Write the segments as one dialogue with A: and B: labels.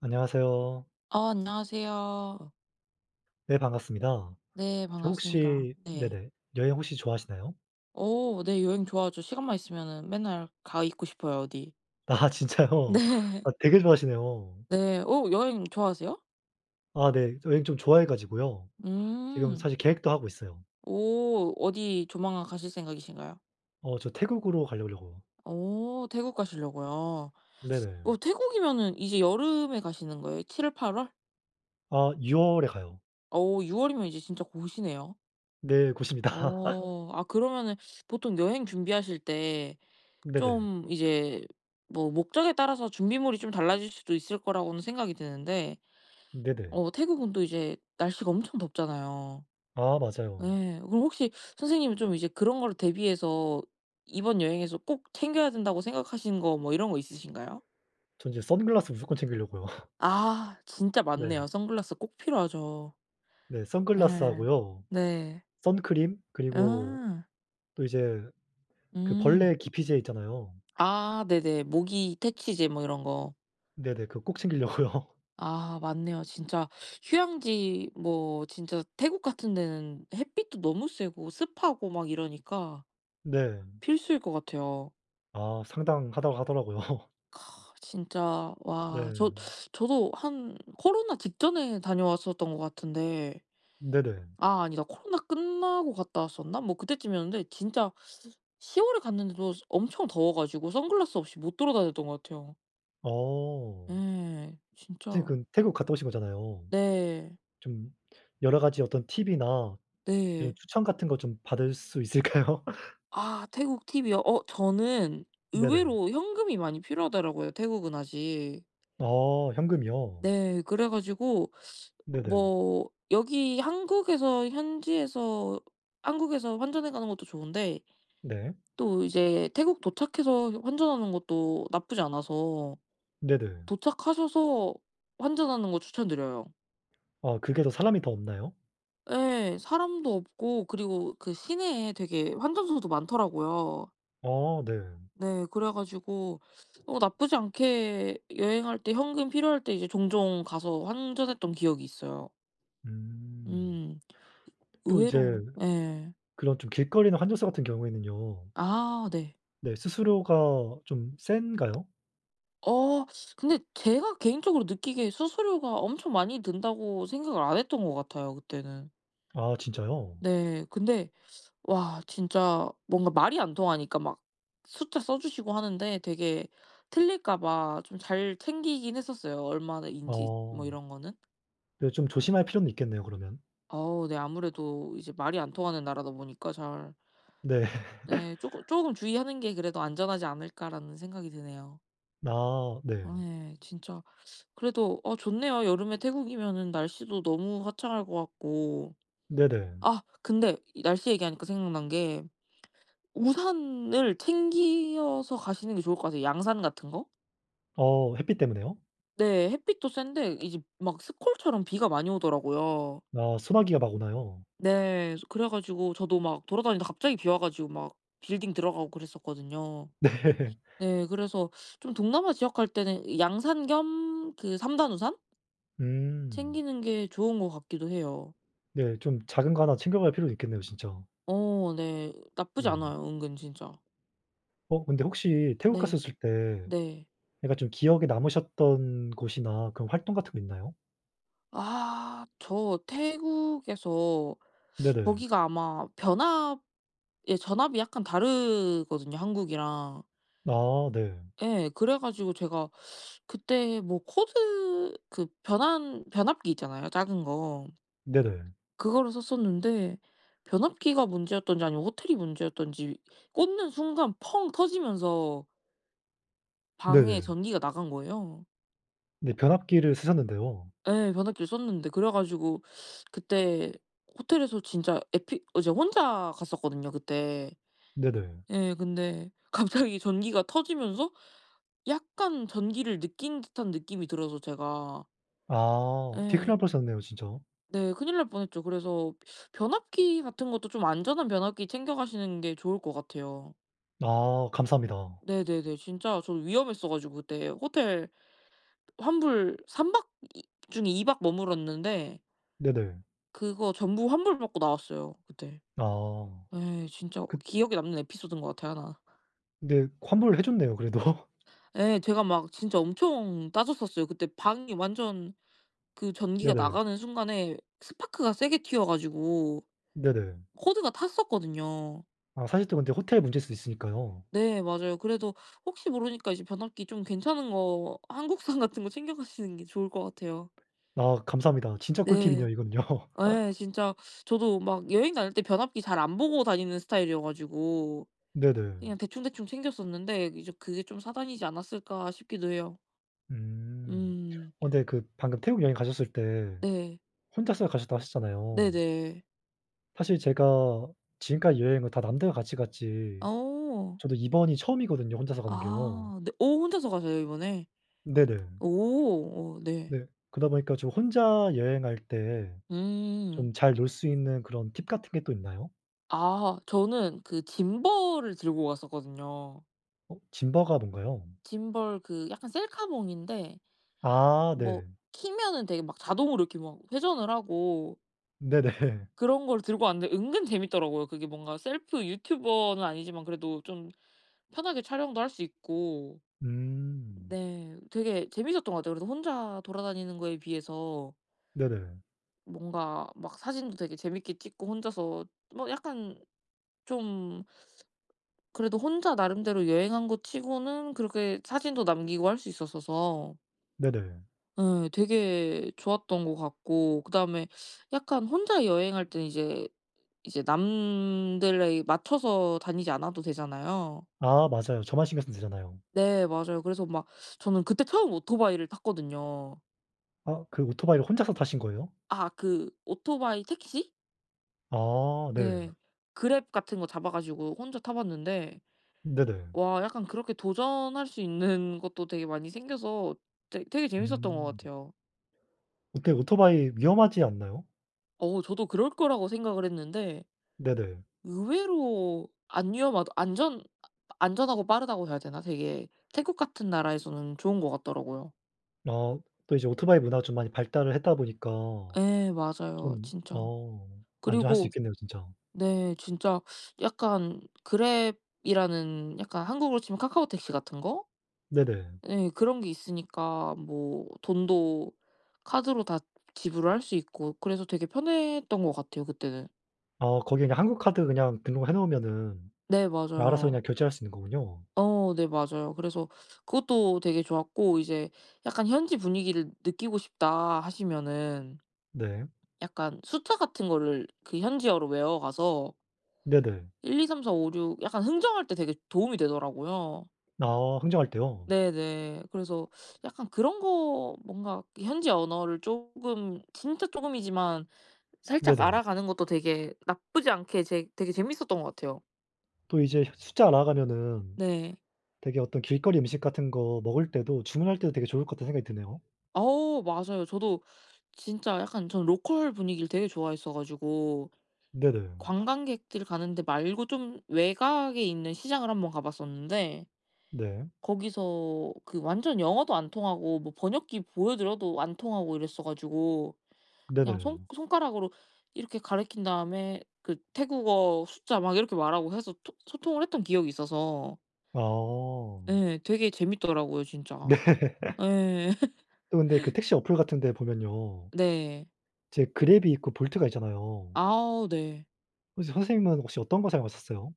A: 안녕하세요.
B: 아 안녕하세요.
A: 네 반갑습니다.
B: 네
A: 저
B: 반갑습니다.
A: 혹시
B: 네.
A: 네네. 여행 혹시 좋아하시나요?
B: 오 네. 여행 좋아하죠. 시간만 있으면은 맨날 가 있고 싶어요 어디.
A: 아 진짜요?
B: 네.
A: 아 되게 좋아하시네요.
B: 네. 오 여행 좋아하세요?
A: 아 네. 여행 좀 좋아해 가지고요. 지금
B: 음.
A: 사실 계획도 하고 있어요.
B: 오 어디 조만간 가실 생각이신가요?
A: 어 저 태국으로 가려고
B: 오 태국 가시려고요.
A: 네네.
B: 어 태국이면은 이제 여름에 가시는 거예요? 7-8 월?
A: 아 6 월에 가요.
B: 어 6 월이면 이제 진짜 곧이네요?
A: 네 곧입니다.
B: 어. 아 그러면은 보통 여행 준비하실 때
A: 네네.
B: 좀 이제 뭐 목적에 따라서 준비물이 좀 달라질 수도 있을 거라고는 생각이 드는데
A: 네네.
B: 어 태국은 또 이제 날씨가 엄청 덥잖아요.
A: 아 맞아요.
B: 예. 그럼 혹시 선생님은 좀 이제 그런 걸 대비해서 이번 여행에서 꼭 챙겨야 된다고 생각하시는 거 뭐 이런 거 있으신가요?
A: 전 이제 선글라스 무조건 챙기려고요.
B: 아 진짜
A: 네.
B: 맞네요. 선글라스 꼭 필요하죠.
A: 네
B: 예.
A: 선글라스하고요.
B: 네.
A: 선크림 그리고
B: 아.
A: 또 이제 그
B: 음.
A: 벌레 기피제 있잖아요.
B: 아 네네. 모기 퇴치제 뭐 이런 거.
A: 네네. 그거 꼭 챙기려고요.
B: 아 맞네요. 진짜 휴양지 뭐 진짜 태국 같은 데는 햇빛도 너무 세고 습하고 막 이러니까
A: 네.
B: 필수일 것 같아요.
A: 아 상당하다고 하더라고요.
B: 진짜 와
A: 네.
B: 저 저도 한 코로나 직전에 다녀왔었던 것 같은데
A: 네네.
B: 아 아니다 코로나 끝나고 갔다 왔었나? 뭐 그때쯤이었는데 진짜 10 월에 갔는데도 엄청 더워 가지고 선글라스 없이 못 돌아다녔던 것 같아요.
A: 어.
B: 예.
A: 선생님
B: 진짜
A: 근 태국 갔다 오신 거잖아요.
B: 네.
A: 좀 여러 가지 어떤 팁이나 그
B: 네.
A: 추천 같은 것 좀 받을 수 있을까요?
B: 아 태국 팁이요? 어 저는
A: 네네.
B: 의외로 현금이 많이 필요하더라고요 태국은 아직.
A: 어 현금이요?
B: 네. 그래 가지고
A: 네네.
B: 뭐 여기 한국에서 현지에서 한국에서 환전해 가는 것도 좋은데
A: 네.
B: 또 이제 태국 도착해서 환전하는 것도 나쁘지 않아서
A: 네네.
B: 도착하셔서 환전하는 거 추천드려요.
A: 아 그게 더 사람이 더 없나요?
B: 예 사람도 없고 그리고 그 시내에 되게 환전소도 많더라고요.
A: 아 네.
B: 네 그래 가지고 어 나쁘지 않게 여행할 때 현금 필요할 때 이게 종종 가서 환전했던 기억이 있어요.
A: 음.
B: 음.
A: 또 이제
B: 의외로 예.
A: 그런 좀 길거리에 있는 환전소 같은 경우에는요.
B: 아 네.
A: 네 수수료가 좀 센가요?
B: 어 근데 제가 개인적으로 느끼기에 '수수료가 엄청 많이 든다.'고 생각을 안 했던 것 같아요 그때는.
A: 아 진짜요?
B: 네. 근데 와 진짜 뭔가 말이 안 통하니까 막 숫자 써 주시고 하는데 되게 틀릴까 봐 좀 잘 챙기긴 했었어요 얼마나인지 뭐
A: 아.
B: 이런 거는.
A: 네. 좀 조심할 필요는 있겠네요 그러면.
B: 어 네. 아무래도 이제 말이 안 통하는 나라다 보니까 잘.
A: 네.
B: 네. 조금 '조금 주의하는 게 그래도 안전하지 않을까.'라는 생각이 드네요.
A: 아. 네.
B: 어 예. 진짜 그래도 어 좋네요. 여름에 태국이면은 날씨도 너무 화창할 것 같고.
A: 네네.
B: 아 근데 이 날씨 얘기하니까 생각난 게 우산을 챙기어서 가시는 게 좋을 것 같아요. 양산 같은 거?
A: 어 햇빛 때문에요?
B: 네. 햇빛도 센데 이제 막 스콜처럼 비가 많이 오더라고요.
A: 아 소나기가 막 오나요?
B: 네. 이제 그래 가지고 저도 막 돌아다니다 갑자기 비 와 가지고 막 빌딩 들어가고 그랬었거든요.
A: 네.
B: 네. 그래서 좀 동남아 지역 갈 때는 양산 겸 그 3 단 우산
A: 음.
B: 챙기는 게 좋은 것 같기도 해요.
A: 네. 좀 작은 거 1 챙겨갈 필요도 있겠네요 진짜.
B: 어 네. 나쁘지
A: 네.
B: 않아요 은근 진짜.
A: 어 근데 혹시 태국
B: 네.
A: 갔었을 때
B: 네.
A: 약간 좀 기억에 남으셨던 곳이나 그런 활동 같은 게 있나요?
B: 아 저 태국에서
A: 네네.
B: 거기가 아마 변압 예 전압이 약간 다르거든요 한국이랑.
A: 아 네.
B: 예. 그래 가지고 제가 그때 뭐 코드 그 변환 변압기 있잖아요 작은 거.
A: 네네.
B: 그거를 썼었는데 변압기가 문제였던지 아니면 호텔이 문제였던지 꽂는 순간 펑 터지면서 방에
A: 네네.
B: 전기가 나간 거예요.
A: 네. 변압기를 쓰셨는데요.
B: 예. 변압기를 썼는데. 그래 가지고 그때 호텔에서 진짜 에피 어 이제 혼자 갔었거든요 그때.
A: 네네.
B: 예 근데 갑자기 전기가 터지면서 약간 전기를 느낀 듯한 느낌이 들어서 제가.
A: 아. 되게 큰일
B: 예.
A: 날 뻔했었네요 진짜.
B: 네. 큰일 날 뻔 했죠. 그래서 변압기 같은 것도 좀 안전한 변압기 챙겨 가시는 게 좋을 것 같아요.
A: 아 감사합니다.
B: 네네네. 진짜 저 위험했어 가지고 그때 호텔 환불 3 박 이 중에 2 박 머물렀는데
A: 네네.
B: 그거 전부 환불받고 나왔어요 그때.
A: 아.
B: 예. 진짜 어
A: 그
B: 기억에 남는 에피소드인 것 같아요 1.
A: 그런데 환불해 줬네요 그래도.
B: 예. 제가 막 진짜 엄청 따졌었어요. 그때 방이 완전 그 전기가
A: 네네.
B: 나가는 순간에 스파크가 세게 튀어 가지고
A: 네네.
B: 코드가 탔었거든요.
A: 아 사실 또 근데 호텔 문제일 수도 있으니까요.
B: 네 맞아요. 그래도 혹시 모르니까 이제 변압기 좀 괜찮은 거 한국산 같은 거 챙겨 가시는 게 좋을 것 같아요.
A: 아 감사합니다. 진짜 꿀팁이네요
B: 네.
A: 이건요.
B: 예. 진짜 저도 막 여행 다닐 때 변압기 잘 안 보고 다니는 스타일이어 가지고
A: 네네.
B: 그냥 대충대충 챙겼었는데 이제 그게 좀 사단이지 않았을까 싶기도 해요.
A: 음.
B: 음.
A: 어 근데 그 방금 태국 여행 가셨을 때
B: 네.
A: 혼자서 가셨다고 하셨잖아요.
B: 네네.
A: 사실 제가 지금까지 여행을 다 남들과 같이 갔지
B: 어.
A: 저도 이번이 처음이거든요. 혼자서 가는 게요.
B: 아. 네. 어 혼자서 가세요 이번에?
A: 네네.
B: 오. 어 네.
A: 네. 그러다 보니까 좀 혼자 여행할 때
B: 음.
A: 좀 잘 놀 수 있는 그런 팁 같은 게 또 있나요?
B: 아. 저는 그 짐벌을 들고 갔었거든요.
A: 어 짐버가 뭔가요?
B: 짐벌 그 약간 셀카봉인데
A: 아
B: 뭐
A: 네.
B: 키면은 되게 막 자동으로 이렇게 막 회전을 하고
A: 네네.
B: 그런 걸 들고 왔는데 은근 재미있더라고요. 그게 뭔가 셀프 유튜버는 아니지만 그래도 좀 편하게 촬영도 할 수 있고.
A: 음.
B: 네. 되게 재미있었던 것 같아요. 그래도 혼자 돌아다니는 거에 비해서
A: 네네.
B: 뭔가 막 사진도 되게 재미있게 찍고 혼자서 뭐 약간 좀 그래도 혼자 나름대로 여행한 것 치고는 그렇게 사진도 남기고 할 수 있었어서
A: 네네.
B: 예. 되게 좋았던 것 같고 그다음에 약간 혼자 여행할 때는 이제 이제 남들에 맞춰서 다니지 않아도 되잖아요.
A: 아 맞아요. 저만 신경 쓰면 되잖아요.
B: 네. 맞아요. 그래서 막 저는 그때 처음 오토바이를 탔거든요.
A: 아 그 오토바이를 혼자서 타신 거예요?
B: 아 그 오토바이 택시?
A: 아 네.
B: 네. 그랩 같은 거 잡아 가지고 혼자 타 봤는데
A: 네네.
B: 와 약간 그렇게 도전할 수 있는 것도 되게 많이 생겨서 되 되게 재미있었던 것
A: 음.
B: 같아요.
A: 어때요? 오토바이 위험하지 않나요?
B: 어우. 저도 그럴 거라고 생각을 했는데
A: 네네.
B: 의외로 안 위험하다, 안전 아 아 안전하고 빠르다고 해야 되나? 되게 태국 같은 나라에서는 좋은 것 같더라고요.
A: 아. 또 이제 오토바이 문화가 좀 많이 발달을 했다 보니까
B: 예 맞아요
A: 좀
B: 진짜.
A: 어. 안전할 수
B: 그리고
A: 있겠네요 진짜.
B: 네 진짜 약간 그랩이라는 약간 한국으로 치면 카카오택시 같은 거?
A: 네네.
B: 예. 그런 게 있으니까 뭐 돈도 카드로 다 지불할 수 있고 그래서 되게 편했던 것 같아요 그때는.
A: 아 거기 그냥 한국 카드 그냥 등록을 해 놓으면은
B: 네
A: 알아서
B: 맞아요.
A: 그냥 결제할 수 있는 거군요.
B: 어 네 맞아요. 그래서 그것도 되게 좋았고 이제 '약간 현지 분위기를 느끼고 싶다.' 하시면은
A: 네.
B: 약간 숫자 같은 거를 그 현지어로 외워 가서
A: 네네.
B: 1, 2, 3, 4, 5, 6 약간 흥정할 때 되게 도움이 되더라고요.
A: 아 흥정할 때요?
B: 네네. 그래서 약간 그런 거 뭔가 그 현지 언어를 조금 진짜 조금이지만 살짝
A: 네네.
B: 알아가는 것도 되게 나쁘지 않게 재 되게 재미있었던 것 같아요.
A: 또 이제 숫자 알아가면은
B: 네.
A: 되게 어떤 '길거리 음식 같은 거 먹을 때도 주문할 때도 되게 좋을 것 같다.'는 생각이 드네요.
B: 오 맞아요. 저도 진짜 약간 저는 local 분위기를 되게 좋아했어 가지고
A: 네네.
B: 관광객들 가는 데 말고 좀 외곽에 있는 시장을 한번 가 봤었는데
A: 네.
B: 거기서 그 완전 영어도 안 통하고 뭐 번역기 보여드려도 안 통하고 이랬어 가지고 그냥 손
A: 네네.
B: 손가락으로 이렇게 가리킨 다음에 그 태국어 숫자 막 이렇게 말하고 해서 토 소통을 했던 기억이 있어서
A: 아.
B: 예. 되게 재미있더라고요
A: 네.
B: 진짜. 예.
A: 또 근데 그 택시 어플 같은 데 보면요.
B: 네.
A: 이제 그랩이 있고 볼트가 있잖아요.
B: 아우 네.
A: 혹시 선생님은 혹시 어떤 거 사용하셨어요?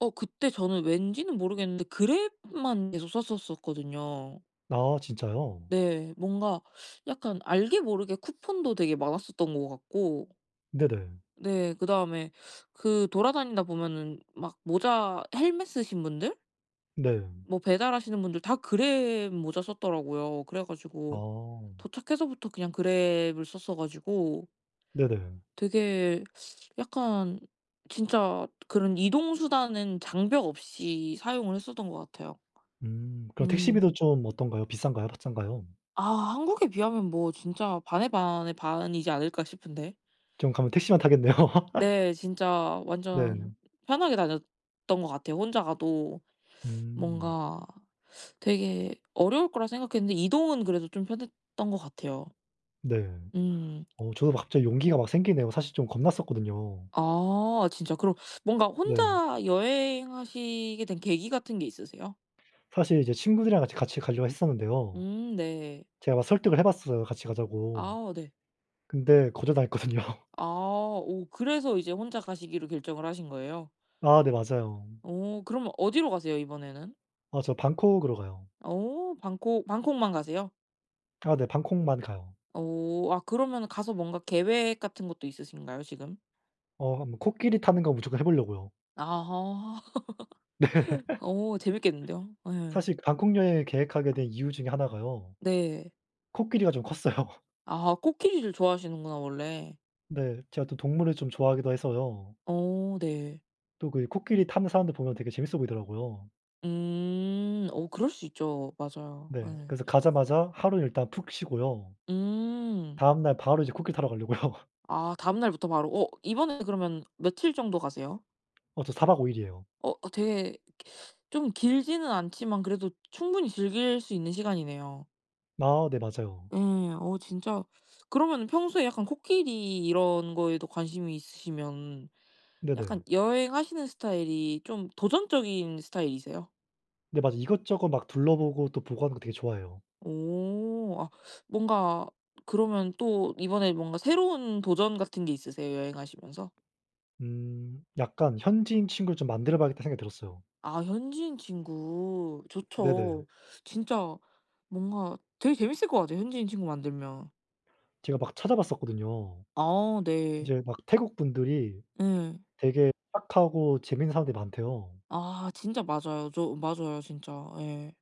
B: 어 그때 저는 왠지는 모르겠는데 그랩만 계속 썼었었거든요.
A: 아 진짜요?
B: 네. 뭔가 약간 알게 모르게 쿠폰도 되게 많았었던 것 같고
A: 네네.
B: 네. 그다음에 그 돌아다니다 보면은 막 모자 헬멧 쓰신 분들?
A: 네.
B: 뭐 배달하시는 분들 다 그랩 모자 썼더라고요. 그래 가지고
A: 아.
B: 도착해서부터 그냥 그랩을 썼어 가지고
A: 네네.
B: 되게 약간 진짜 그런 이동 수단은 장벽 없이 사용을 했었던 것 같아요.
A: 음. 그럼
B: 음.
A: 택시비도 좀 어떤가요? 비싼가요? [unintelligible]
B: 아 한국에 비하면 뭐 진짜 반의 반의 반이지 않을까 싶은데.
A: 저는 가면 택시만 타겠네요.
B: 네. 진짜 완전
A: 네.
B: 편하게 다녔던 것 같아요. 혼자 가도
A: 음.
B: 뭔가 되게 어려울 거라 생각했는데 이동은 그래도 좀 편했던 것 같아요.
A: 네.
B: 음.
A: 어 저도 갑자기 용기가 막 생기네요. 사실 좀 겁났었거든요.
B: 아. 진짜 그럼 뭔가
A: 네.
B: 혼자 여행하시게 된 계기 같은 게 있으세요?
A: 사실 이제 친구들이랑 같이 같이 가려고 했었는데요.
B: 음 네.
A: 제가 막 설득을 해 봤어요 같이 가자고.
B: 아 네.
A: 근데 거절당했거든요.
B: 아. 오 그래서 이제 혼자 가시기로 결정을 하신 거예요?
A: 아 네 맞아요.
B: 오. 그러면 어디로 가세요 이번에는?
A: 아 저 방콕으로 가요.
B: 오 방콕. 방콕만 가세요?
A: 아 네. 방콕만 가요.
B: 오. 아 그러면은 가서 뭔가 계획 같은 것도 있으신가요 지금?
A: 어 한번 코끼리 타는 거 무조건 해 보려고요.
B: 아하.
A: 네.
B: 오 재미있겠는데요? 예.
A: 사실 방콕 여행 계획하게 된 이유 중에 1 가요.
B: 네.
A: 코끼리가 좀 컸어요.
B: 아 코끼리를 좋아하시는구나 원래.
A: 네. 제가 또 동물을 좀 좋아하기도 해서요.
B: 어 네.
A: 또 그 이 코끼리 타는 사람들 보면 되게 재미있어 보이더라고요.
B: 음. 오 그럴 수 있죠. 맞아요.
A: 네.
B: 예.
A: 그래서 가자마자 하루 일단 푹 쉬고요.
B: 음.
A: 다음 날 바로 이제 코끼리 타러 가려고요.
B: 아 다음 날부터 바로. 어 이번에 그러면 며칠 정도 가세요?
A: 어 저 4 박 5 일이에요.
B: 어. 아 되게 좀 길지는 않지만 그래도 충분히 즐길 수 있는 시간이네요.
A: 아 네. 맞아요.
B: 예. 어 진짜 그러면은 평소에 약간 코끼리 이런 거에도 관심이 있으시면
A: 네네.
B: 약간 여행하시는 스타일이 좀 도전적인 스타일이세요?
A: 네. 막 이것저것 막 둘러보고 또 보고 하는 거 되게 좋아해요.
B: 오. 아 뭔가 그러면 또 이번에 뭔가 새로운 도전 같은 게 있으세요 여행하시면서?
A: 음. 약간 '현지인 친구를 좀 만들어 봐야겠다.' 생각이 들었어요.
B: 아 현지인 친구.
A: 네네.
B: 좋죠. 진짜 뭔가 되게 재미있을 것 같아요 현지인 친구 만들면.
A: 제가 막 찾아봤었거든요.
B: 아 네.
A: 이제 막 태국 분들이
B: 예.
A: 되게 착하고 재미있는 사람들이 많대요.
B: 아 진짜 맞아요. 저 맞아요 진짜. 예.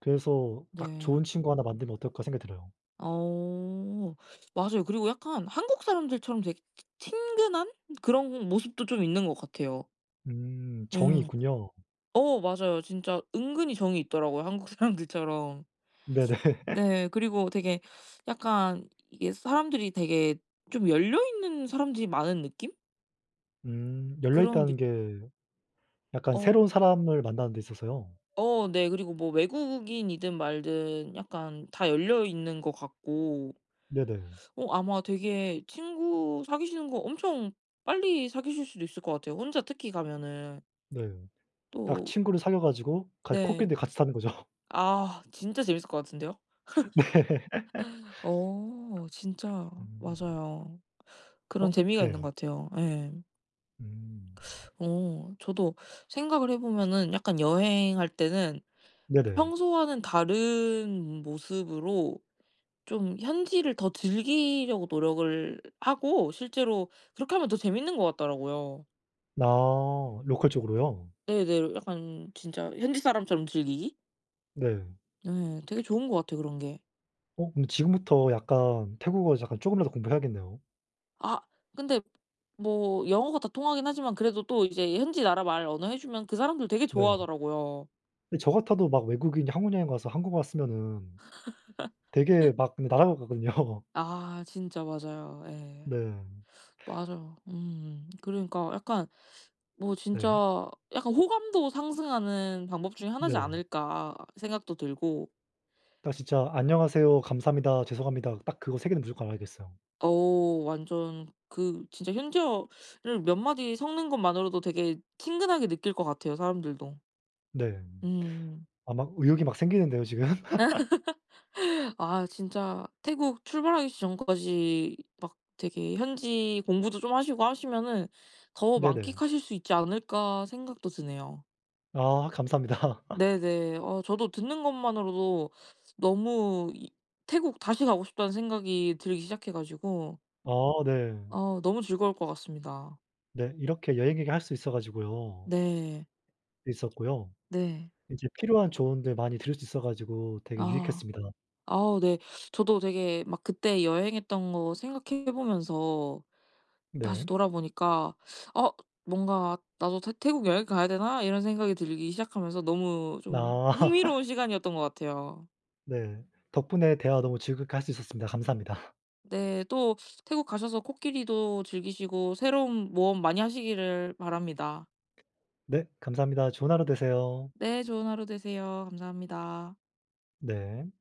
A: 그래서 딱
B: 네.
A: 좋은 친구 1 만들면 어떨까 생각이 들어요.
B: 오. 맞아요. 그리고 약간 한국 사람들처럼 되게 치 친근한 그런 모습도 좀 있는 것 같아요.
A: 음 정이
B: 예.
A: 있군요.
B: 어 맞아요. 진짜 은근히 정이 있더라고요 한국 사람들처럼.
A: 네네.
B: 네. 그리고 되게 약간 이게 사람들이 되게 좀 열려 있는 사람들이 많은 느낌?
A: 음 열려
B: 그런 느
A: 있다는 게 약간
B: 어.
A: 새로운 사람을 만나는 데 있어서요?
B: 어 네. 그리고 뭐 외국인이든 말든 약간 다 열려 있는 것 같고.
A: 네네.
B: 어 아마 되게 친구 사귀시는 거 엄청 빨리 사귀실 수도 있을 것 같아요 혼자 특히 가면은.
A: 네. 딱
B: 또
A: 친구를 사귀어 가지고 같 코끼리
B: 네.
A: 있는 데 같이 사는 거죠.
B: 아 진짜 재미있을 것 같은데요?
A: 네.
B: 어 진짜 맞아요. 그런
A: 어
B: 재미가 있는
A: 네.
B: 것 같아요. 예.
A: 음.
B: 오. 저도 생각을 해 보면은 약간 여행할 때는
A: 네네.
B: 평소와는 다른 모습으로 좀 현지를 더 즐기려고 노력을 하고 실제로 그렇게 하면 더 재미있는 것 같더라고요.
A: 아 local 쪽으로요?
B: 네네. 약간 진짜 현지 사람처럼 즐기기?
A: 네.
B: 네. 되게 좋은 것 같아요 그런 게.
A: 어 근데 지금부터 약간 태국어 약간 조금이라도 공부해야겠네요.
B: 아. 근데 뭐 영어가 다 통하긴 하지만 그래도 또 이제 현지 나라 말 언어 해 주면 그 사람들 되게
A: 네.
B: 좋아하더라고요.
A: 네 저 같아도 막 외국인이 한국 여행 가서 한국말 쓰면은 되게 막 그 날아갈 것 같거든요.
B: 아 진짜 맞아요. 예.
A: 네.
B: 맞아요. 음. 그러니까 약간 뭐
A: 네.
B: 진짜 약간 호감도 상승하는 방법 중에 1 이지
A: 네네.
B: 않을까 생각도 들고.
A: 아 진짜 안녕하세요, 감사합니다, 죄송합니다, 딱 그거 3 개는 무조건 알아야겠어요.
B: 오. 완전 그 진짜 현지어를 몇 마디 섞는 것만으로도 되게 친근하게 느낄 것 같아요 사람들도.
A: 네.
B: 음.
A: 아 막 의욕이 막 생기는데요 지금.
B: 아 진짜 태국 출발하기 전까지 막 되게 현지 공부도 좀 하시고 하시면은 더
A: 네네.
B: 만끽하실 수 있지 않을까 생각도 드네요.
A: 아 감사합니다.
B: 네네. 어 저도 듣는 것만으로도 너무 이 '태국 다시 가고 싶다.'는 생각이 들기 시작해 가지고
A: 아 네.
B: 아 너무 즐거울 것 같습니다.
A: 네. 이렇게 여행 얘기할 수 있어 가지고요.
B: 네.
A: 있었고요.
B: 네.
A: 이제 필요한 조언들 많이 들을 수 있어 가지고 되게
B: 아.
A: 유익했습니다.
B: 아우 네. 저도 되게 막 그때 여행했던 거 생각해 보면서 다시
A: 네.
B: 돌아보니까 '아 뭔가 나도 태 태국 여행 가야 되나?' 이런 생각이 들기 시작하면서 너무 좀
A: 아.
B: 흥미로운 시간이었던 것 같아요.
A: 네. 덕분에 대화 너무 즐겁게 할 수 있었습니다. 감사합니다.
B: 네. 또 태국 가셔서 코끼리도 즐기시고 새로운 모험 많이 하시기를 바랍니다.
A: 네. 감사합니다. 좋은 하루 되세요.
B: 네. 좋은 하루 되세요. 감사합니다.
A: 네.